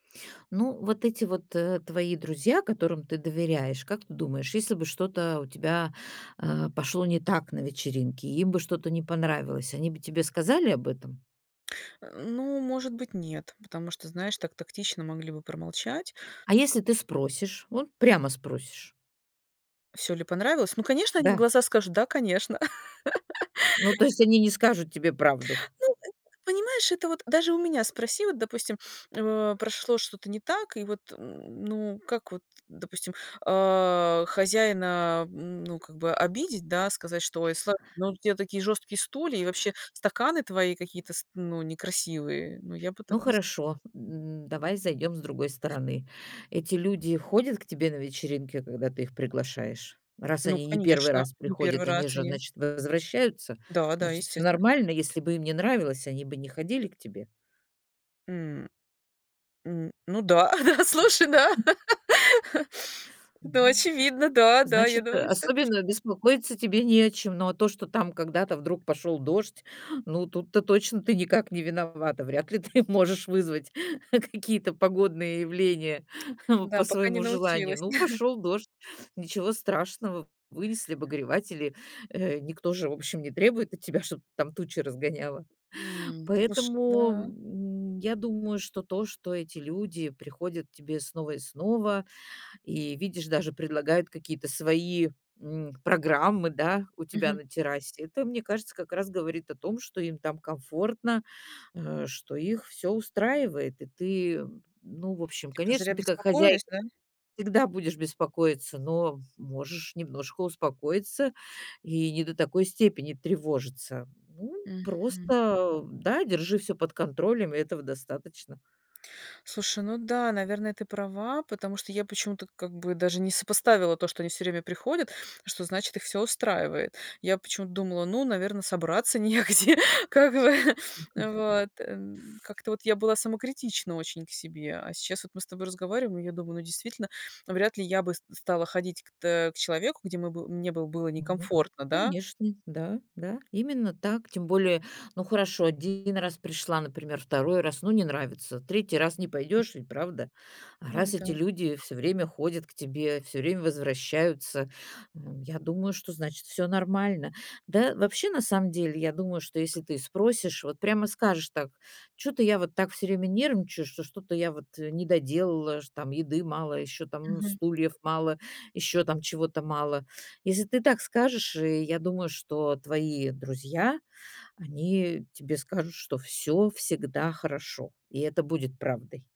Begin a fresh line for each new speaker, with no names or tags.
Ну, вот эти вот, э, твои друзья, которым ты доверяешь, как ты думаешь, если бы что-то у тебя, а, пошло не так на вечеринке и им бы что-то не понравилось, они бы тебе сказали об этом?
А, ну, может быть, нет, потому что, знаешь, так тактично могли бы промолчать.
А если ты спросишь? Вот прямо спросишь.
Всё ли понравилось? Ну, конечно, они в
Да.
глаза скажут: "Да, конечно".
Ну, то есть они не скажут тебе правду?
Ну, э, понимаешь, это вот даже у меня спроси, вот, допустим, э, прошло что-то не так, и вот, м, ну, как вот, допустим, а, хозяина, м, ну, как бы обидеть, да? Сказать, что: "Ой, сла ну, у тебя такие жёсткие стулья и вообще стаканы твои какие-то ст ну, некрасивые". Ну, я бы
Ну
так не с
хорошо, м, давай зайдем с другой стороны. Эти люди ходят к тебе на вечеринки, когда ты их приглашаешь? Раз
Ну,
они не 1
конечно,
раз
не 1
приходят, они
раз
же,
они.
значит, возвращаются?
Да-да,
Значит, всё
естественно.
нормально. Если бы им не нравилось, они бы не ходили к тебе.
М. Н ну да, а да, слушай, да.
Мгм,
Ну,
м.
очевидно, да. Да, я
Значит, э,
думаю, что
особенно беспокоиться тебе не о чем. Но а то, что там когда-то вдруг пошёл дождь, ну, тут-то точно ты никак не виновата. Вряд ли ты можешь вызвать какие-то погодные явления
Да,
по
пока не
своему желанию.
научилась.
Ну, пошёл дождь, ничего страшного, вынесли обогреватели. Э, никто же, в общем, не требует от тебя, чтоб там тучи разгоняла.
М, слушай,
Поэтому,
да.
м, я думаю, что то, что эти люди приходят к тебе снова и снова, и, видишь, даже предлагают какие-то свои, м, программы, да, у тебя
Мгм.
на террасе. Это, мне кажется, как раз говорит о том, что им там комфортно, э, что их всё устраивает. И ты, м, ну, в общем,
Типа, зря
конечно, ты как хозяйка
беспокоюсь, да?
всегда будешь беспокоиться, но, м, можешь немножко успокоиться и не до такой степени тревожиться. Ну,
Мгм.
просто да, держи всё под контролем, и этого достаточно.
Слушай, ну да, наверное, ты права, потому что я почему-то как бы даже не сопоставила то, что они всё время приходят, что, значит, их всё устраивает. Я почему-то думала: "Ну, наверно, собраться негде, как бы, э, вот". Эм, как-то вот я была самокритична очень к себе. А сейчас вот мы с тобой разговариваем. Я думаю: ну, действительно, вряд ли я бы ст стала ходить к тэ к человеку, где мы бы мне бы было
Мгм.
некомфортно, да?
Конечно, да, да, именно так. Тем более, ну, хорошо, 1 раз пришла, например, 2 раз, ну, не нравится. 3 раз не
М.
пойдешь ведь, правда? А
Ну
раз
да.
эти люди всё время ходят к тебе, всё время возвращаются, ну, я думаю, что, значит, всё нормально. Да, вообще, на самом деле, я думаю, что если ты спросишь, вот прямо скажешь так: "Чё-то я вот так всё время нервничаю, что что-то я вот, э, не доделала, ш там еды мало, ещё там
Мгм.
стульев мало, ещё там чего-то мало". Если ты так скажешь, и я думаю, что твои друзья, они тебе скажут, что всё всегда хорошо, и это будет правдой.